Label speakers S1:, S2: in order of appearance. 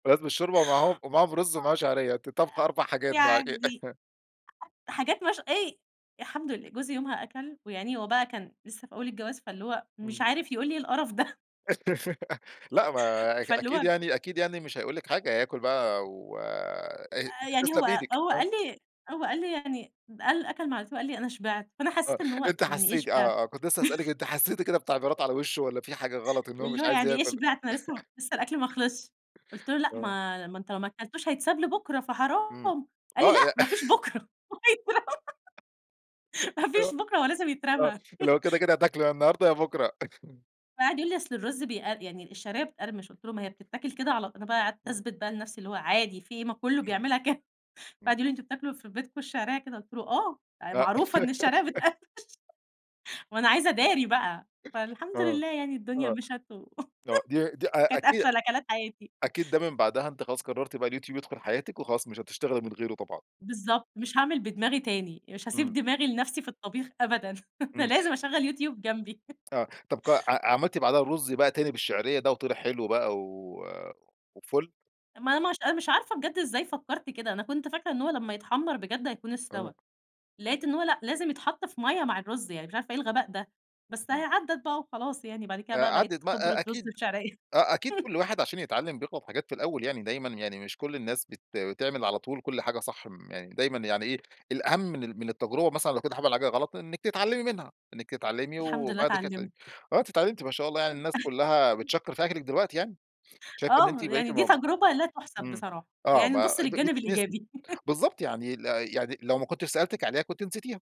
S1: لازم الشوربة معاهم، ومعاهم رز ومعاه شعرية، أنتِ طابخة 4
S2: [unintelligible]
S1: حاجات بقى
S2: يعدّي،
S1: إ
S2: حاجات مش إيه الحمد لله جوزي يومها أكَل ويا عيني هو بقى كان لسه في أول الجواز فاللي هو مش
S1: إمم.
S2: عارف يقول إيه القرف ده.
S1: لأ، ما أك
S2: فاللي
S1: أكيد
S2: هو
S1: يعني أكيد يعني مش هيقول لِك حاجة هياكل بقى و أ
S2: آآ، يعني
S1: تسلم
S2: هو
S1: إيدِك،
S2: هو
S1: آه.
S2: قال لي هو قال لي يعني ب قال أكَل معلقتين وقال لي أنا شبعت، فأنا
S1: آه،
S2: حسّيت إن هو
S1: أنتِ
S2: يعني إيه
S1: حسّيتِ،
S2: شبعت؟
S1: آه آه، كنت لسه هاسألِك أنتِ حسّيتِ كده بتعبيرات على وِشّه والّا في حاجة غلط إن هو
S2: واللي
S1: مش
S2: هو
S1: عايز
S2: يعني إيه
S1: يأكل؟
S2: شبعت؟ أنا لسه م لسه الأكْل ما خلصش، قُلت له: "لأ
S1: آه.
S2: ما ما أنت ما أكلتوش هيتساب لبُكرة
S1: إمم
S2: فحرام"، قال لي:
S1: آه
S2: "لأ،
S1: لأ
S2: ما فيش بُكرة وهيترمى، ما فيش
S1: آه،
S2: بُكرة هو لازم
S1: آه،
S2: يترمى".
S1: اللي هو كده كده هتاكله يا النهارده يا بُكرة.
S2: فقعد يقول لي: "أصل الرز بيقر يعني الشعرية بتقرمش"، قُلت له: "ما هي بتتاكل كده على" أنا بقى قعدت
S1: إمم.
S2: اثبت بقى لنَفسي اللي هو عادي في إيه، ما كلّه
S1: إمم،
S2: بيعملها ك فقعد
S1: إمم.
S2: يقول لي: "أنتم بتاكلوا في بيتكم الشعرية كده؟"، قُلت له: "آه، آآ،
S1: أ
S2: معروفة إن الشعرية بتقرمش"، ما أنا عايزة اداري بقى، فالحمد
S1: آه،
S2: لله يعني الدنيا
S1: آه،
S2: مِشت و
S1: آه، دي دي أ
S2: وكانت
S1: أكيد
S2: أفشل أكلات حياتي.
S1: أكيد ده من بعدها أنتِ خلاص قررتِ بقى اليوتيوب يدخل حياتِك وخلاص مش هتشتغلي من غيره طبعًا.
S2: بالضبط، مش هاعمل بدماغي تاني، مش هاسيب
S1: إمم.
S2: دماغي لنَفسي في الطبيخ أبدًا، أنا
S1: إمم.
S2: لازم اشغّل يوتيوب جنبي.
S1: آه، طب ق ع عملتِ بعدها الرز بقى تاني بالشعرية بقى وطلع حلو بقى و وفُلّ.
S2: ما ما ش أنا مش عارفة بجد إزاي فكّرت كده، أنا كنت فاكرة إن هو لمّا يتحمّر بجد هيكون
S1: آه.
S2: استوى، لقيت إن هو لأ لازم يتحط في مَيّة مع الرز، يعني مش عارفة إيه الغباء ده، بس أهي
S1: امم.
S2: عدّت بقى وخلاص، يعني بعد كده
S1: آآ،
S2: بقى
S1: عدّت
S2: بقيت
S1: بقى، أ
S2: خِبرة رز
S1: أكيد
S2: بشعرية.
S1: أ أكيد كُلّ واحد عشان يتعلم بيغلط حاجات في الأول يعني، دايمًا يعني مش كُلّ الناس بت بتعمل على طول كُلّ حاجة صح، م يعني دايمًا يعني إيه الأهم من ال من التجربة مثلًا لو كنتِ عمل حاجة غلط إنِّك تتعلمي منها، إنِّك تتعلمي
S2: الحمد لله
S1: وبعد كده ت
S2: اتعلمت.
S1: وآه أنتِ اتعلمتِ ما شاء الله يعني الناس كلّها بتشكّر في أكلِك دلوقتي يعني، شايف إن أنتِ
S2: آه،
S1: بقيتِ
S2: يعني دي
S1: مب
S2: تجربة لا تُحسب
S1: إمم،
S2: بصراحة،
S1: آه
S2: يعني
S1: ب
S2: نبُص
S1: أ ب
S2: للجانب
S1: بتتنسي،
S2: الإيجابي.
S1: بالضبط يعني ال يعني لو ما كنتش سألتِك عليها كنتِ نسيتيها.